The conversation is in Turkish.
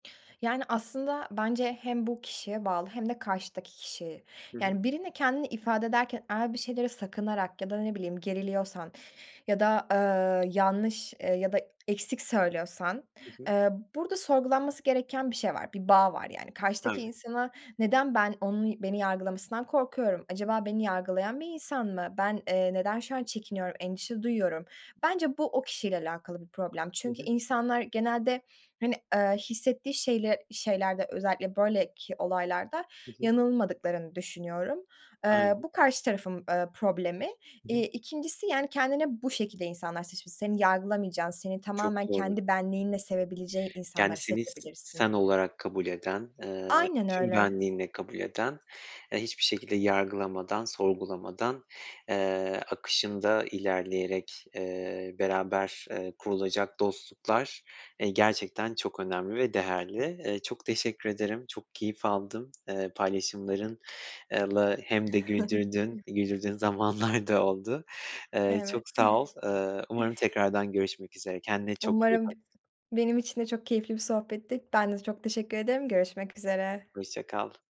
Yani, aslında bence hem bu kişiye bağlı hem de karşıdaki kişiye. Hı hı. Yani, birine kendini ifade ederken eğer bir şeyleri sakınarak ya da ne bileyim geriliyorsan ya da, eee, yanlış, eee, ya da eksik söylüyorsan, Hı hı. eee, burada sorgulanması gereken bir şey var, bir bağ var, yani. Karşıdaki Tabii. insana neden ben, onun beni yargılamasından korkuyorum, acaba beni yargılayan bir insan mı, ben, eee, neden şu an çekiniyorum, endişe duyuyorum? Bence bu o kişiyle alakalı bir problem Hı çünkü hı. insanlar genelde, hani, eee, hissettiği şeyle şeylerde özellikle böyleki olaylarda Hı hı. yanılmadıklarını düşünüyorum. Eee, Aynen. bu karşı tarafın, ııı, problemi. Hı hı. İii, 2'ncisi, yani, kendine bu şekilde insanlar seç s Seni yargılamayacağın, seni Çok tamamen doğru. kendi benliğinle sevebileceği Yani, insanları seni s seçebilirsin. sen olarak kabul eden, eee, Aynen tüm öyle. benliğinle kabul eden, eee, hiçbir şekilde yargılamadan, sorgulamadan, eee, akışında ilerleyerek, eee, beraber, eee, kurulacak dostluklar, eee, gerçekten çok önemli ve değerli. Eee, çok teşekkür ederim, çok keyif aldım, eee, paylaşımların, eee, lı hem de güldürdün, [unintelligible] güldürdüğün zamanlar da oldu. Eee, Evet. çok sağ ol. Iıı, umarım tekrardan görüşmek üzere. Kendine çok iyi Umarım. bak. Benim için de çok keyifli bir sohbetti. Ben de çok teşekkür ederim. Görüşmek üzere. Hoşça kal.